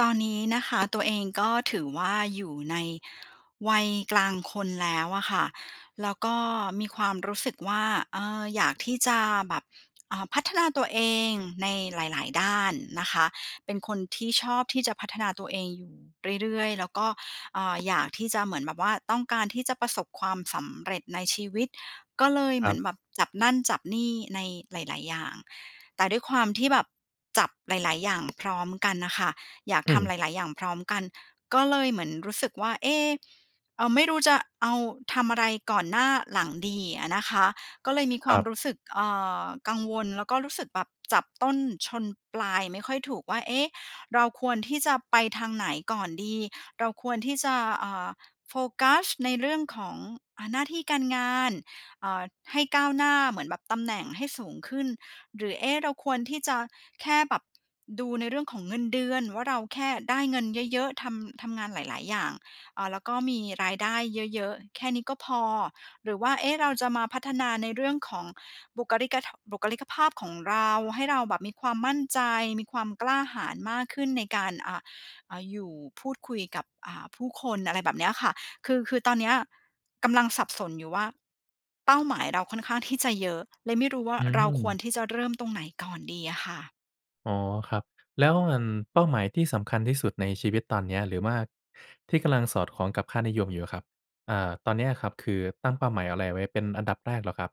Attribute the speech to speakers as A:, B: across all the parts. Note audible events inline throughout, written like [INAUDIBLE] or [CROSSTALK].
A: ตอนนี้นะคะ ตัวเองก็ถือว่าอยู่ในวัยกลางคนแล้วอะค่ะ แล้วก็มีความรู้สึกว่า เอ่อ อยากที่จะแบบ เอ่อ พัฒนาตัวเองในหลาย ๆ ด้านนะคะ เป็นคนที่ชอบที่จะพัฒนาตัวเองอยู่เรื่อย ๆ แล้วก็ อ่า อยากที่จะเหมือนแบบว่าต้องการที่จะประสบความสำเร็จในชีวิต ก็เลย
B: ค
A: เห
B: ร
A: มื
B: ั
A: อ
B: บ
A: นแบบจับนั่น จับนี่ ในหลาย ๆ อย่าง แต่ด้วยความที่แบบจับหลาย ๆ อย่าง พร้อมกันน่ะค่ะ อยาก
B: อื
A: ทำห
B: ม
A: ลาย ๆ อย่างพร้อมกัน ก็เลยเหมือนรู้สึกว่า เอ๊ะ อ ไม่รู้จะเอา ทำอะไรก่อนหน้า หลัง ดีอะนะคะ ก็เลยมีค
B: ค
A: ว
B: ร
A: า
B: ั
A: ม
B: บ
A: รู้สึก เอ่อ กังวลแล้วก็รู้สึกแบบจับต้นชนปลายไม่ค่อยถูกว่า เอ๊ะ เราควรที่จะไปทางไหนก่อนดี เราควรที่จะ อ่า โฟกัสในเรื่องของ อ่า หน้าที่การงาน เอ่อ ให้ก้าวหน้าเหมือนแบบตำแหน่งให้สูงขึ้น หรือ เอ๊ะ เราควรที่จะแค่แบบดูในเรื่องของเงินเดือนว่าเราแค่ได้เงินเยอะ ๆ ทำ ทำงานหลาย ๆ อย่าง อ่า แล้วก็มีรายได้เยอะ ๆ แค่นี้ก็พอ หรือว่า เอ๊ะ เราจะมาพัฒนาในเรื่องของบุคลิก ท บุคลิกภาพของเรา ให้เราแบบมีความมั่นใจ มีความกล้าหาญมากขึ้น ในการ อ่า อ อยู่ พูดคุยกับ อ่า ผู้คน อะไรแบบเนี้ยค่ะ คือ คือตอนเนี้ยกำลังสับสนอยู่ว่า เป้าหมายเราค่อนข้างที่จะเยอะ เลยไม่รู้ว่า
B: อื
A: เราควร
B: ม
A: ที่จะเริ่มตรงไหนก่อนดีอะค่ะ?
B: อ๋อ ครับ แล้ว อั่น เป้าหมายที่สำคัญที่สุดในชีวิตตอนเนี้ย หรือว่าที่กำลังสอดคล้องกับค่านิยมอยู่อะครับ อ่า ตอนเนี้ยครับคือตั้งเป้าหมายอะไรไว้เป็นอันดับแรกเหรอครับ?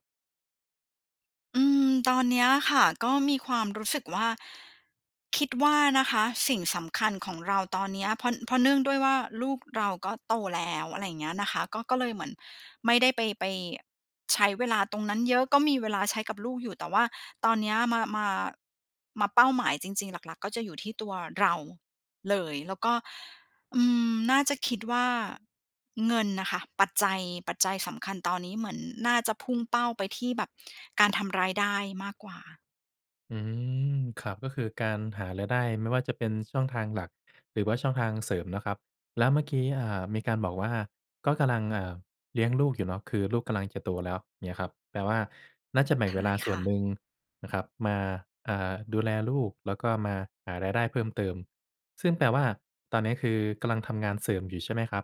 A: อืม ตอนเนี้ยค่ะ ก็มีความรู้สึกว่า คิดว่านะคะสิ่งสำคัญของเราตอนเนี้ย เพราะ เพราะเนื่องด้วยว่า ลูกเราก็โต แล้ว อะไรอย่างเงี้ยนะคะ ก็ ก็เลยเหมือนไม่ได้ไป ไปใช้เวลาตรงนั้นเยอะ ก็มีเวลาใช้กับลูกอยู่ แต่ว่าตอนเนี้ยมา มา มาเป้าหมายจริง ๆ หลัก ๆ ก็จะอยู่ที่ตัวเราเลย แล้วก็ อืม น่าจะคิดว่า เงินน่ะค่ะ ปัจจัย ปัจจัยสำคัญตอนนี้เหมือนน่าจะพุ่งเป้าไปที่แบบการทำรายได้มากกว่า
B: อืม ครับ ก็คือการหารายได้ ไม่ว่าจะเป็น ช ช่องทางหลัก หรือว่าช่องทางเสริมเนาะครับ แล้วเมื่อกี้ อ่า มีการบอกว่า ก็กำลัง อ่า เลี้ยงลูกอยู่เนาะ คือลูกกำลังจะโตแล้ว เงี้ยครับ แปลว่า น่าจะแบ่ง
A: ค
B: เว
A: ่า
B: ลา
A: ย
B: ส
A: ค
B: ่ว
A: ่
B: น
A: ะ
B: หนึ่งนะครับมา อ่า ดูแลลูก แล้วก็มาหารายได้เพิ่มเติม ซึ่งแปลว่า ตอนเนี้ยคือกำลังทำงานเสริมอยู่ ใช่ไหมครับ?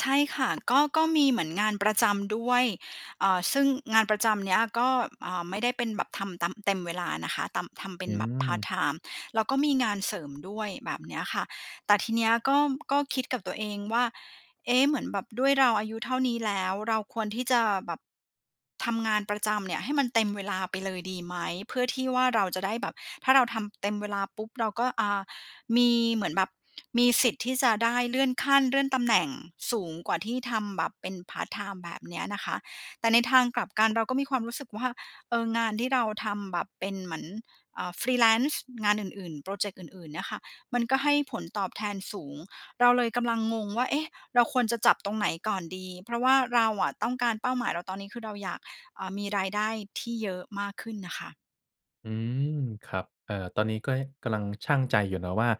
A: ใช่ค่ะ ก็ ก็มีเหมือนงานประจำด้วย อ่า ซึ่งงานประจำเนี่ยก็ อ่า ไม่ได้เป็นแบบทำตาม เต็มเวลานะคะ ตาม ทำเป็
B: อ
A: น
B: ื
A: แบบพาร์ต
B: ม
A: ไทม์ แล้วก็มีงานเสริมด้วยแบบเนี้ยค่ะ แต่ทีเนี้ยก็ ก็คิดกับตัวเองว่า เอ๊ะ เหมือนแบบด้วยเราอายุเท่านี้แล้ว เราควรที่จะแบบ ทำงานประจำเนี่ยให้มันเต็มเวลาไปเลยดีไหม? เพื่อที่ว่าเราจะได้แบบ ถ้าเราทำเต็มเวลาปุ๊บ เราก็ อ่า มีเหมือนแบบ มีสิทธิ์ที่จะได้เลื่อนขั้น เลื่อนตำแหน่งสูงกว่าที่ทำแบบเป็นพาร์ตไทม์ แบบเนี้ยนะคะ แต่ในทางกลับกันเราก็มีความรู้สึกว่า เอ่อ งานที่เราทำแบบเป็นเหมือน เอ่อ freelance งานอื่น ๆ พรอเจกต์อื่น ๆ เนี่ยค่ะ มันก็ให้ผลตอบแทนสูง เราเลยกำลังงงว่า เอ๊ะ เราควรจะจับตรงไหนก่อนดี เพราะว่าเราอะต้องการ เป้าหมายเราตอนนี้คือเราอยาก เอ่อ มีรายได้ที่เยอะมากขึ้นน่ะค่ะ
B: อืม ครับ เอ่อ ตอนนี้ก็กำลัง ชั่งใจอยู่นะว่า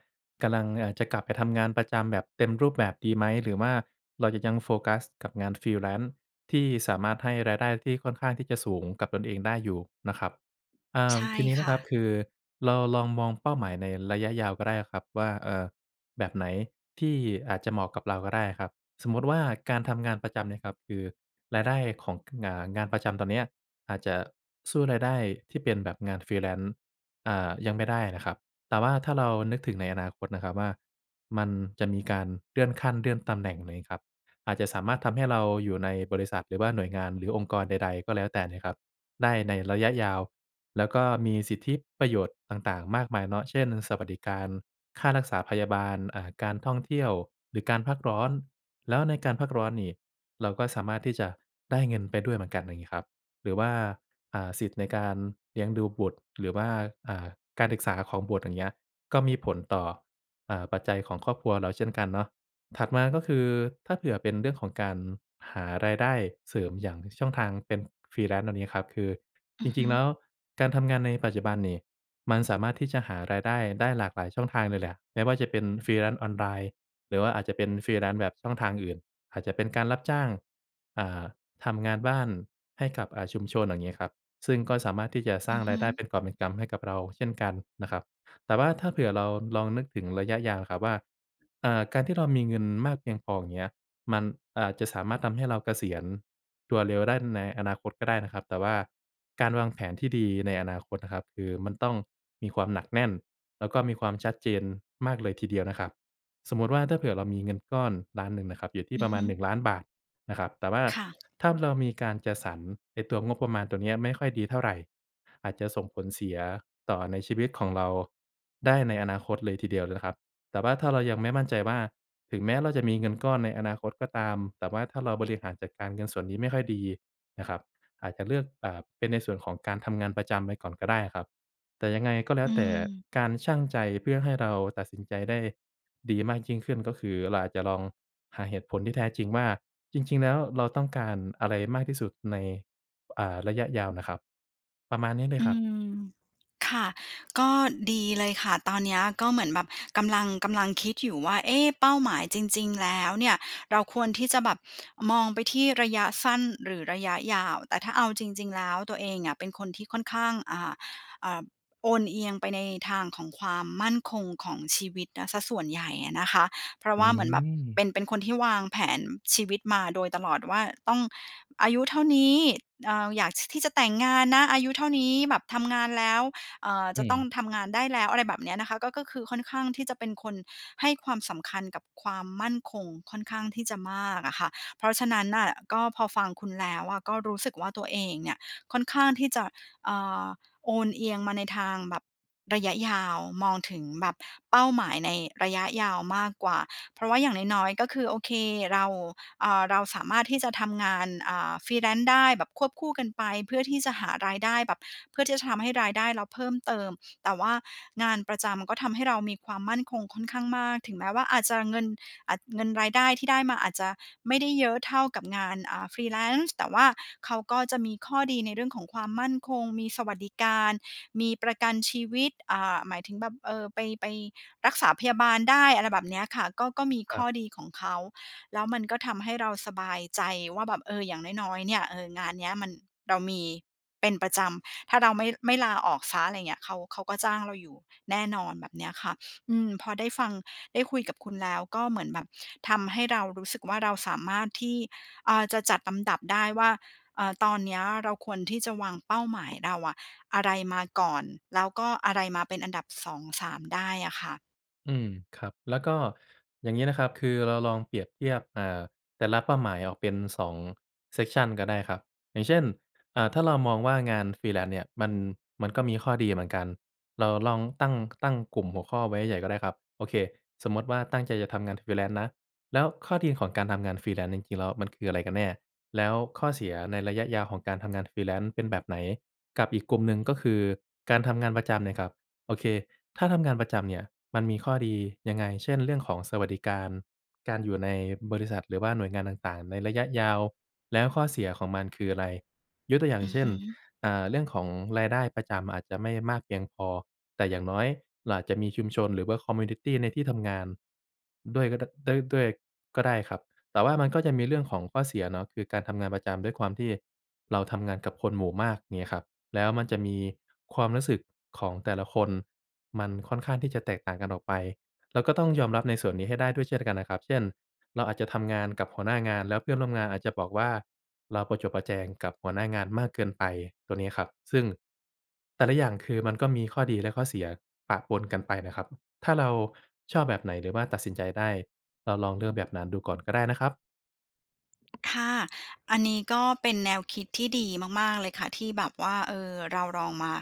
B: กำลัง เอ่อ จะกลับไปทำงานประจำแบบเต็มรูปแบบดีไหม หรือว่าเราจะยังโฟกัสกับงาน freelance ที่สามารถให้รายได้ที่ค่อนข้างที่จะสูงกับตนเองได้อยู่นะครับ เอ่
A: ใ
B: อ
A: ช่
B: ทีนี้
A: ค
B: นะ
A: ่
B: ครับ
A: ะ
B: คือเราลองมองเป้าหมายในระยะยาวก็ได้อะครับว่า เอ่อ แบบไหนที่อาจจะเหมาะกับเราก็ได้อะครับ สมมุติว่าการทำงานประจำเนี่ยครับคือรายได้ของ อ่า ประจำตอนเนี้ยอาจจะสู้รายได้ที่เป็นแบบงาน freelance อ่า ยังไม่ได้นะครับ แต่ว่าถ้าเรานึกถึงในอนาคตนะครับว่า มันจะมีการเลื่อนขั้นเลื่อนตำแหน่ง ไรงี้ครับ อาจจะสามารถทำให้เราอยู่ในบริษัท หรือว่าหน่วยงาน หรือองค์กรใด ๆ ก็แล้วแต่นะครับได้ในระยะยาว แล้วก็มีสิทธิประโยชน์ต่าง ๆ มากมายเนาะ เช่น สวัสดิการค่ารักษาพยาบาล อ่า การท่องเที่ยว หรือการพักร้อน แล้วในการพักร้อนนี่เราก็สามารถที่จะได้เงินไปด้วยเหมือนกัน อย่างนี้ครับ หรือว่า อ่า สิทธิ์ในการเลี้ยงดูบุตร หรือว่า อ่า การศึกษาของบุตร อย่างเงี้ย ก็มีผลต่อ เอ่อ ปัจจัยของครอบครัวเราเช่นกันเนาะ ถัดมาก็คือ ถ้าเผื่อเป็นเรื่องของการหารายได้เสริมอย่างช่องทางเป็น freelance ตรงนี้ครับ คือ
A: อื
B: จ
A: อฮ
B: ริ
A: ึ
B: ง ๆ แล้วการทำงานในปัจจุบันนี่มันสามารถที่จะหารายได้ได้หลากหลายช่องทางเลยแหละ ไม่ว่าจะเป็น freelance ออนไลน์ หรือว่าอาจจะเป็น freelance แบบช่องทางอื่น อาจจะเป็นการรับจ้าง อ่า ทำงานบ้านให้กับ อ่า ชุมชน อย่างเงี้ยครับ ซึ่งก็สามารถที่จะสร
A: อ
B: ้า
A: ื
B: ง
A: อฮ
B: ราย
A: ึ
B: ได้เป็นกอบเป็นกำ ให้กับเราเช่นกันนะครับ แต่ว่าถ้าเผื่อเราลองนึกถึงระยะยาวครับว่า อ่า การที่เรามีเงินมากเพียงพอ อย่างเงี้ย มันอาจจะสามารถทำให้เราเกษียณตัวเร็วได้ในอนาคตก็ได้นะครับ แต่ว่าการวางแผนที่ดีในอนาคตนะครับ คือมันต้องมีความหนักแน่น แล้วก็มีความชัดเจนมากเลยทีเดียวนะครับ สมมุติว่าถ้าเผื่อเรามีเงินก้อน 1,000,000 นะครับ อยู่ที
A: อ
B: ่
A: ื
B: ป
A: อ
B: ระม
A: ฮ
B: า
A: ึ
B: ณ ฿1,000,000 นะครับ แต่ว่า
A: ค่ะ [SMACKS LIPS]
B: ถ้าเรามีการจัดสรรไอ้ตัวงบประมาณตรงนี้ไม่ค่อยดีเท่าไร อาจจะส่งผลเสียต่อในชีวิตของเราได้ในอนาคตเลยทีเดียวเลยนะครับ แต่ว่าถ้าเรายังไม่มั่นใจว่า ถึงแม้เราจะมีเงินก้อนในอนาคตก็ตาม แต่ว่าถ้าเราบริหารจัดการเงินส่วนนี้ไม่ค่อยดีนะครับ อาจจะเลือก เอ่อ เป็นในส่วนของการทำงานประจำไว้ก่อนก็ได้อะครับ แต่ยังไงก็แล้
A: อื
B: วแต่
A: ม
B: การชั่งใจเพื่อให้เราตัดสินใจได้ดีมากยิ่งขึ้น ก็คือเราอาจจะลองหาเหตุผลที่แท้จริงว่าจริง ๆ แล้วเราต้องการอะไรมากที่สุดใน อ่า ระยะยาวน่ะครับ ประมาณนี้เล
A: อ
B: ย
A: ื
B: ครับ
A: ม ค่ะ ก็ดีเลยค่ะ ตอนเนี้ยก็เหมือนแบบกำลัง กำลังคิดอยู่ว่า เอ๊ะ เป้าหมายจริง ๆ แล้วเนี่ย เราควรที่จะแบบมองไปที่ระยะสั้นหรือระยะยาว แต่ถ้าเอาจริง ๆ แล้วตัวเองอะเป็นคนที่ค่อนข้าง อ่า อ่า โอนเอียงไปในทางของความมั่นคงของชีวิตนะเสียส่วนใหญ่อะนะคะ เพราะ
B: อื
A: ว่าเหมือนแบบ
B: ม
A: เป็น เป็นคนที่วางแผนชีวิตมาโดยตลอดว่า ต้องอายุเท่านี้ อ่า อยาก ท ที่จะแต่งงานนะอายุเท่านี้ แบบทำงานแล้ว เอ่อ
B: อื
A: จะต้อง
B: ม
A: ทำงานได้แล้ว อะไรแบบเนี้ยนะคะ ก็ ก็คือค่อนข้างที่จะเป็นคนให้ความสำคัญกับความมั่นคงค่อนข้างที่จะมากอะค่ะ เพราะฉะนั้นน่ะก็พอฟังคุณแล้วอะก็รู้สึกว่า ตัวเองเนี่ยค่อนข้างที่จะ เอ่อ โอนเอียงมาในทางแบบระยะยาว มองถึงแบบเป้าหมายในระยะยาวมากกว่า เพราะว่าอย่างน้อย ๆ ก็คือ โอเค เรา อ่า เราสามารถที่จะทำงาน อ่า freelance ได้แบบควบคู่กันไป เพื่อที่จะหารายได้แบบ เพื่อที่จะทำให้รายได้เราเพิ่มเติม แต่ว่างานประจำมันก็ทำให้เรามีความมั่นคงค่อนข้างมาก ถึงแม้ว่าอาจจะเงิน อ เงินรายได้ที่ได้มาอาจจะไม่ได้เยอะเท่ากับงาน อ่า freelance แต่ว่าเขาก็จะมีข้อดีในเรื่องของความมั่นคง มีสวัสดิการ มีประกันชีวิต อ่า หมายถึงแบบ เอ่อ ไป ไปรักษาพยาบาลได้ อะไรแบบเนี้ยค่ะ ก็ ก็มี
B: ค
A: ข
B: รั
A: ้อ
B: บ
A: ดีของเขา แล้วมันก็ทำให้เราสบายใจว่าแบบ เออ อย่างน้อย ๆ เนี่ย เออ งานเนี้ยมัน เรามีเป็นประจำ ถ้าเราไม่ ไม่ลาออกเสีย อะไรอย่างเงี้ย เขา เขาก็จ้างเราอยู่แน่นอน แบบเนี้ยค่ะ อืม พอได้ฟัง ได้คุยกับคุณแล้วก็เหมือนแบบทำให้เรารู้สึกว่า เราสามารถที่ เอ่อ จะจัดลำดับได้ว่า เอ่อ ตอนเนี้ยเราควรที่จะวางเป้าหมายเราอะ อะไรมาก่อน แล้วก็อะไรมาเป็นอันดับ 2 3 ได้อะค่ะ
B: อืม ครับ แล้วก็อย่างงี้นะครับ คือเราลองเปรียบเทียบ เอ่อ แต่ละเป้าหมายออกเป็น 2 section ก็ได้ครับ อย่างเช่น อ่า ถ้าเรามองว่างาน freelance เนี่ย มัน มันก็มีข้อดีเหมือนกัน เราลองตั้ง ตั้งกลุ่มหัวข้อไว้ใหญ่ ๆ ก็ได้ครับ โอเค สมมุติว่าตั้งใจจะทำงาน freelance นะ แล้วข้อดีของการทำงาน freelance จริง ๆ แล้วมันคืออะไรกันแน่ แล้วข้อเสียในระยะยาวของการทำงาน freelance เป็นแบบไหน กับอีกกลุ่มหนึ่งก็คือการทำงานประจำเนี่ยครับ โอเค ถ้าทำงานประจำเนี่ย มันมีข้อดียังไง เช่น เรื่องของสวัสดิการ การอยู่ในบริษัท หรือว่าหน่วยงานต่าง ๆ ในระยะยาว แล้วข้อเสียของมันคืออะไร ยกตัวอย่า
A: อ
B: ง
A: ือ
B: เช
A: ฮ
B: ่น
A: ึ
B: อ่า เรื่องของรายได้ประจำอาจจะไม่มากเพียงพอ แต่อย่างน้อยเราอาจจะมีชุมชน หรือว่า คอมมิวนิตี ในที่ทำงานด้วยก็ ด ด้วย ด้วยก็ได้ครับ แต่ว่ามันก็จะมีเรื่องของข้อเสียเนาะ คือการทำงานประจำ ด้วยความที่เราทำงานกับคนหมู่มาก เงี้ยครับ แล้วมันจะมีความรู้สึกของแต่ละคน มันค่อนข้างที่จะแตกต่างกันออกไป เราก็ต้องยอมรับในส่วนนี้ให้ได้ด้วยเช่นกันนะครับ เช่น เราอาจจะทำงานกับหัวหน้างาน แล้วเพื่อนร่วมงานอาจจะบอกว่า เราประจบประแจงกับหัวหน้างานมากเกินไป ตรงนี้ครับ ซึ่งแต่ละอย่างคือ มันก็มีข้อดีและข้อเสียปะปนกันไปนะครับ ถ้าเราชอบแบบไหน หรือว่าตัดสินใจได้ เราลองเลือกแบบนั้นดูก่อนก็ได้นะครับ
A: ค่ะ อันนี้ก็เป็นแนวคิดที่ดีมาก ๆ เลยค่ะ ที่แบบว่า เอ่อ เราลองมา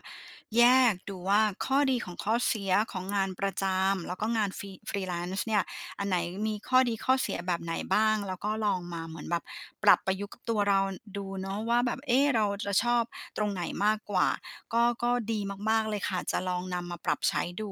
A: แยกดูว่า ข้อดีของข้อเสียของ งานประจำ แล้วก็งาน Free Freelance เนี่ย อันไหนมีข้อดีข้อเสียแบบไหนบ้าง? แล้วก็ลองมาเหมือนแบบปรับประยุกต์กับตัวเราดูเนาะว่าแบบ เอ๊! เราจะชอบตรงไหนมากกว่า? ก็ ก็ดีมาก ๆ เลยค่ะ จะลองนำมาปรับใช้ดู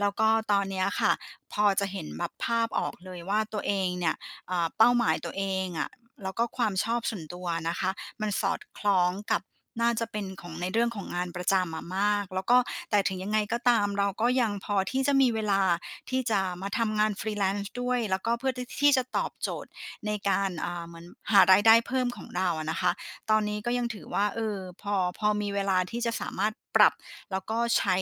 A: แล้วก็ตอนเนี้ยค่ะ พอจะเห็นแบบภาพออก เลยว่า ตัวเองเนี่ย เอ่อ เป้าหมายตัวเองอะ แล้วก็ความชอบส่วนตัวอะนะคะ มันสอดคล้องกับน่าจะเป็นของ ในเรื่องของงานประจำอะมาก แล้วก็ แต่ถึงยังไงก็ตาม เราก็ยังพอที่จะมีเวลา ที่จะมาทำงาน Freelance ด้วย แล้วก็เพื่อ ท ที่จะตอบโจทย์ในการ อ่า เหมือนหารายได้เพิ่มของเราอะนะคะ ตอนนี้ก็ยังถือว่า เออ พอ พอมีเวลา ที่จะสามารถปรับ แล้วก็ใช้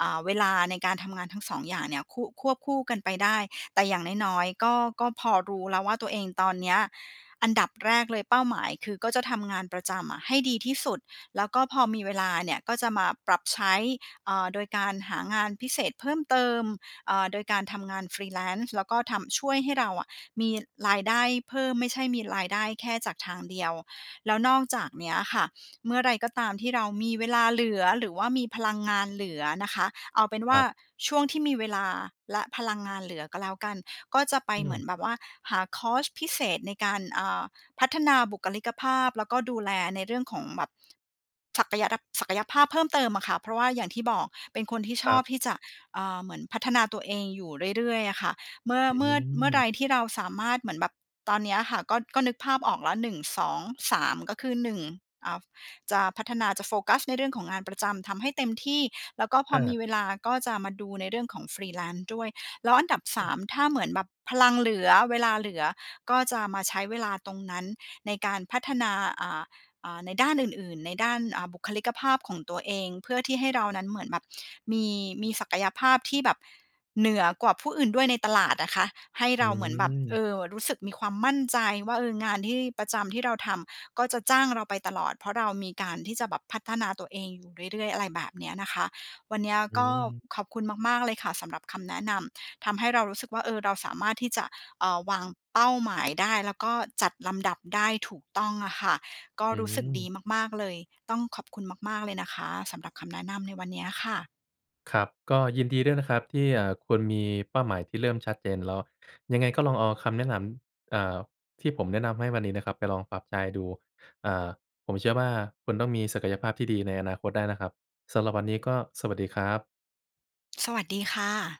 A: อ่า เวลาในการทำงานทั้งสองอย่างเนี่ย คุ ควบคู่กันไปได้ แต่อย่างน้อย ๆ ก็ ก็พอรู้แล้วว่า ตัวเองตอนเนี้ย อันดับแรกเลยเป้าหมาย คือ ก็จะทำงานประจำอะให้ดีที่สุด แล้วก็พอมีเวลาเนี่ย ก็จะมาปรับใช้ เอ่อ โดยการหางานพิเศษเพิ่มเติม อ่า โดยการทำงาน Freelance แล้วก็ทำ ช่วยให้เราอะมีรายได้เพิ่ม ไม่ใช่มีรายได้แค่จากทางเดียว แล้วนอกจากเนี้ยค่ะ เมื่อไรก็ตามที่เรามีเวลาเหลือ หรือว่ามีพลังงานเหลือนะคะ เอาเป็นว
B: ค
A: ่
B: ร
A: า
B: ับ
A: ช่วงที่มีเวลา และพลังงานเหลือก็แล้วกัน ก็จะไป
B: อื
A: เหมือ
B: ม
A: นแบบว่าหาคอร์สพิเศษในการ อ่า พัฒนาบุคลิกภาพ แล้วก็ดูแลในเรื่องของแบบศักยะระ ศักยภาพเพิ่มเติมอะค่ะ เพราะว่าอย่างที่บอก เป็นคนที่ช
B: ครั
A: อบ
B: บ
A: ที่จะ อ่า เหมือนพัฒนาตัวเองอยู่เรื่อย ๆ อะค่ะเมื่อ
B: อื
A: เมื่อ เมื่อใ
B: ม
A: ดที่เราสามารถ เหมือนแบบตอนเนี้ยอะค่ะ ก็ ก็นึกภาพออกแล้ว 1 2 3 ก็คือ 1 อ่า จะพัฒนา จะโฟกัสในเรื่องของงานประจำทำให้เต็มที่ แล้วก็พ
B: อ
A: อมี
B: า
A: เวลา ก็จะมาดูในเรื่องของ Freelance ด้วย แล้วอันดับ ส
B: อื
A: า
B: อ
A: ม ถ้าเหมือนแบบพลังเหลือ เวลาเหลือ ก็จะมาใช้เวลาตรงนั้นในการพัฒนา อ่า อ่า ในด้านอื่น ๆ ในด้าน อ่า บุคลิกภาพของตัวเอง เพื่อที่ให้เรานั้นเหมือนแบบมี มีศักยภาพที่แบบเหนือกว่าผู้อื่นด้วยในตลาดนะคะ ให้
B: อื
A: เราเหมือนแบบ เอ
B: อ
A: อ รู้สึกมีความมั่นใจว่า เออ งานที่ประจำที่เราทำ ก็จะจ้างเราไปตลอด เพราะเรามีการที่จะแบบพัฒนาตัวเองอยู่เรื่อย ๆ อะไรแบบเนี้ยนะคะ วันเนี้ย
B: อ
A: ก
B: ื
A: ็
B: อ
A: ขอบคุณมาก ๆ เลยค่ะ สำหรับคำแนะนำ ทำให้เรารู้สึกว่า เออ เราสามารถที่จะ เอ่อ วางเป้าหมายได้ แล้วก็จัดลำดับได้ถูกต้องอะค่ะ ก็
B: อื
A: รู้สึกด
B: อ
A: ีมาก ๆ เลย ต้องขอบคุณมาก ๆ เลยนะคะ สำหรับคำแนะนำในวันเนี้ยค่ะ
B: ครับ ก็ยินดีด้วยนะครับที่ อ่า คุณมีเป้าหมายที่เริ่มชัดเจนแล้ว ยังไงก็ลองเอาคำแนะนำ อ่า ที่ผมแนะนำให้วันนี้นะครับ ไปลองปรับใช้ดู อ่า ผมเชื่อว่า คุณต้องมีศักยภาพที่ดีในอนาคตได้นะครับ สำหรับวันนี้ก็สวัสดีครับ
A: สวัสดีค่ะ